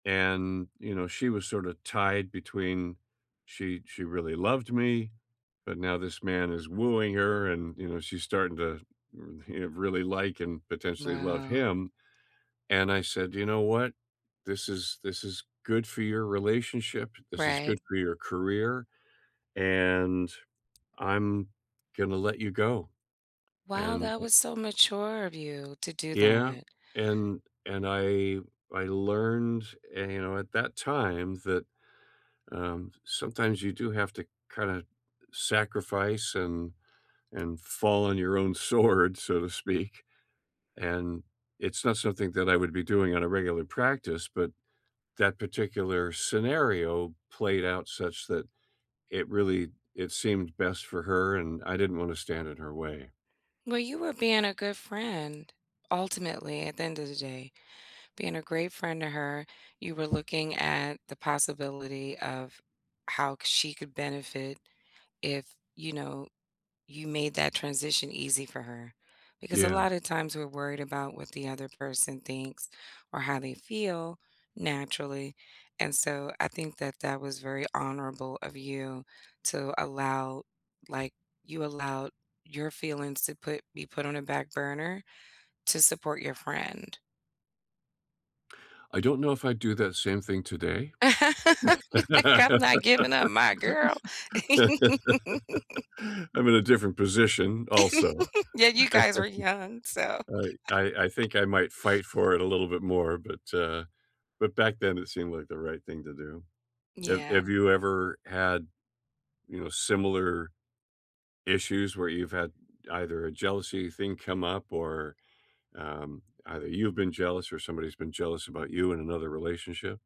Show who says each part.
Speaker 1: And, you know, she was sorta tied between she she really loved me, but now this man is wooing her and, you know, she's starting to, you know, really like and potentially love
Speaker 2: Wow.
Speaker 1: him. And I said, "You know what? This is this is good for your relationship, this is good
Speaker 2: Right.
Speaker 1: for your career, and I'm gonna let you go,
Speaker 2: Wow,
Speaker 1: and,
Speaker 2: that
Speaker 1: eh"
Speaker 2: was so mature of you to do
Speaker 1: Yeah,
Speaker 2: that.
Speaker 1: and and I I learned, eh, you know, at that time that, um, sometimes you do have to kinda sacrifice and and fall on your own sword, so to speak. And it's not something that I would be doing on a regular practice, but, that particular scenario played out such that it really it seemed best for her, and I didn't wanna stand in her way.
Speaker 2: Well, you were being a good friend, ultimately, at the end of the day. Being a great friend to her, you were looking at the possibility of how c she could benefit if, you know, you made that transition easy for her, because a
Speaker 1: Yeah.
Speaker 2: lot of times, we're worried about what the other person thinks or how they feel, naturally. And so, I think that that was very honorable of you, to allow, like, you allowed your feelings to put be put on a back burner to support your friend.
Speaker 1: I don't know if I'd do that same thing today.
Speaker 2: Like,
Speaker 1: I'm
Speaker 2: "I'm not giving up my girl!"
Speaker 1: in a different position, also.
Speaker 2: Yeah, you guys were young, so
Speaker 1: I I I think I might fight for it a little bit more, but, uh, but back then, it seemed like the right thing to do. Have have
Speaker 2: Yeah.
Speaker 1: you ever had, you know, similar issues, where you've had either a jealousy thing come up or, um, either you have been jealous or somebody's been jealous about you in another relationship?